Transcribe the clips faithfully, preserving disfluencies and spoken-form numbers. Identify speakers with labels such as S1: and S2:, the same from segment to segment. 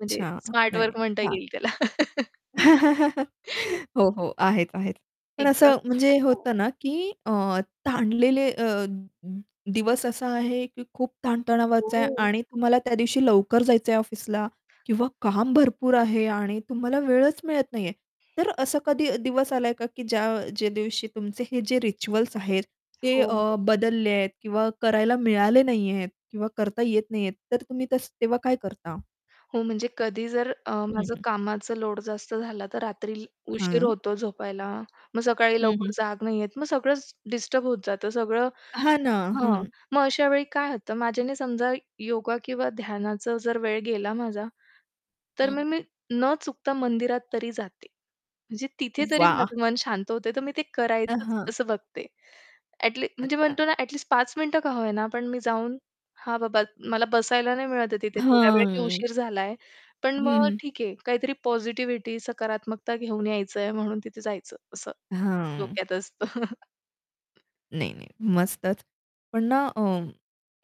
S1: म्हणजे स्मार्ट
S2: नाही,
S1: वर्क
S2: नाही.
S1: म्हणता
S2: छान.
S1: येईल त्याला.
S2: हो, हो, आहेत, आहेत. पण
S1: एकदम
S2: असं म्हणजे हे
S1: [unintelligible]
S2: होतं ना, की अ, ताणलेले अ, दिवस असा आहे की खूप ताण-तणावाचा आहे
S1: हो.
S2: आणि तुम्हाला त्या दिवशी लवकर जायचं आहे ऑफिसला. किंवा काम भरपूर आहे आणि तुम्हाला वेळच मिळत नाहीये. तर असा कधी दिवस आला का की ज्या जे दिवशी तुमचे हे जे रिच्युअल्स आहेत, ते
S1: हो.
S2: अ, बदलले आहेत किंवा करायला मिळाले नाहीयेत. किंवा करता येत नाहीयेत तर तुम्ही तसं तेव्हा काय करता?
S1: हो म्हणजे कधी जर अ,
S2: हं,
S1: माझं
S2: हं.
S1: कामाचं लोड जास्त झाला, तर रात्री उशीर
S2: हं.
S1: होतो झोपायला. मग सकाळी
S2: हं,
S1: लवकर
S2: हं.
S1: जाग नाही येत मग सगळंच डिस्टर्ब होत जातं, सगळं
S2: हां ना,
S1: हां,
S2: हं.
S1: मग अशा वेळी काय होतं माझ्याने समजा, योगा किंवा ध्यानाचं जर वेळ गेला माझा, तर
S2: हं.
S1: मग मी न चुकता मंदिरात तरी जाते. म्हणजे तिथे तरी
S2: वाह!
S1: माझं मन शांत होते, तर मी ते
S2: अ,
S1: करायचंच
S2: हं.
S1: असं बघते ॲटलीस्ट. म्हणजे
S2: अच्छा.
S1: म्हणतो ना ॲटलीस्ट पाच मिनिटं का होईना पण मी जाऊन हा बाबा मला बसायला नाही मिळत आहे तिथे तेवढ्या वेळेला की,
S2: हं.
S1: उशीर झालाय, पण मग
S2: हं, हं.
S1: ठीक आहे काहीतरी पॉझिटिव्हिटी सकारात्मकता घेऊन यायचंय म्हणून तिथे जायचं असं
S2: हां.
S1: डोक्यात असतं.
S2: नाही, नाही. मस्तच पण ना, अ,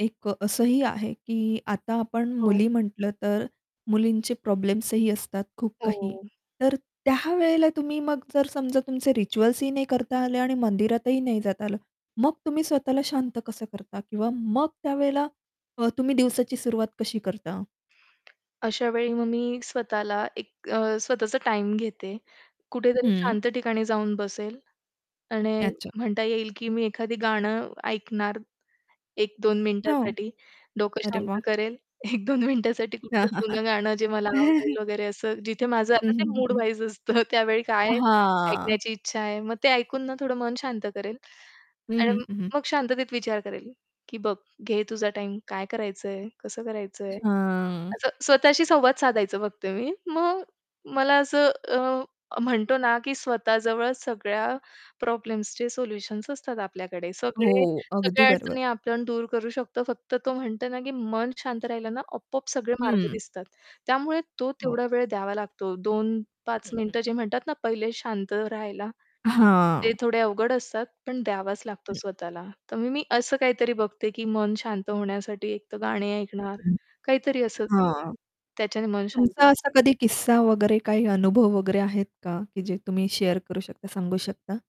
S2: एक असंही आहे, की आता आपण
S1: हो.
S2: मुली म्हंटलं तर, मुलींचे प्रॉब्लेम्स ही असतात खूप काही.
S1: हो.
S2: तर त्या वेळेला तुम्ही मग जर समजा तुमचे रिच्युअल्स ही नाही करता आले आणि मंदिरातही नाही जाता आलं, मग तुम्ही स्वतःला शांत कसं करता किंवा मग त्यावेळेला अ, तुम्ही दिवसाची सुरुवात कशी करता?
S1: अशावेळी मग मी स्वतःला एक अ, स्वतःचा टाईम घेते. कुठेतरी
S2: हं.
S1: शांत ठिकाणी जाऊन बसेल. आणि
S2: अच्छा.
S1: म्हणता येईल की मी एखादं गाणं ऐकणार एक-दोन
S2: हो.
S1: मिनिटासाठी, डोकं
S2: अरे वाह!
S1: शांत करेल, एक-दोन मिनिटासाठी कुठलं जुनं गाणं जे मला आवडेल वगैरे असं जिथे माझं आता
S2: हं,
S1: ते
S2: हं,
S1: मूड
S2: हं, हं.
S1: वाईज असतं त्यावेळी काय
S2: हां.
S1: ऐकण्याची इच्छा आहे. मग ते ऐकून ना थोडं मन शांत करेल
S2: हं, हं.
S1: आणि
S2: हं, हं.
S1: मग शांततेत विचार करेल, की बघ घे तुझा टाईम काय करायचंय, कसं करायचंय.
S2: हां.
S1: असं स्वतःशी संवाद साधायचं फक्त मी. मग मला असं अ, म्हणतो ना की स्वतः जवळ सगळ्या प्रॉब्लेम्सचे सोल्युशन्स असतात आपल्याकडे, सगळे
S2: हो, अगदी
S1: सगळ्या
S2: बरोबर.
S1: अडचणी आपण दूर करू शकतो फक्त तो म्हणतो ना, की मन शांत राहिलं ना आपोआप सगळे मार्ग
S2: हं.
S1: दिसतात. त्यामुळे तो
S2: हो.
S1: तेवढा वेळ द्यावा लागतो, दोन-पाच
S2: हं, हं.
S1: मिनिटं जे म्हणतात ना पहिले शांत राहायला. ते
S2: हां.
S1: थोडे अवघड असतात पण द्यावाच लागतो
S2: हं.
S1: स्वतःला. तर मग मी असं काहीतरी बघते की मन शांत होण्यासाठी एकतर गाणे ऐकणार
S2: हं.
S1: काहीतरी असं,
S2: हां.
S1: त्याच्याने मन शांती
S2: तुमचा असा
S1: [unintelligible]
S2: कधी किस्सा वगैरे काही अनुभव वगैरे आहेत का? की जे तुम्ही शेअर करू शकता, सांगू शकता?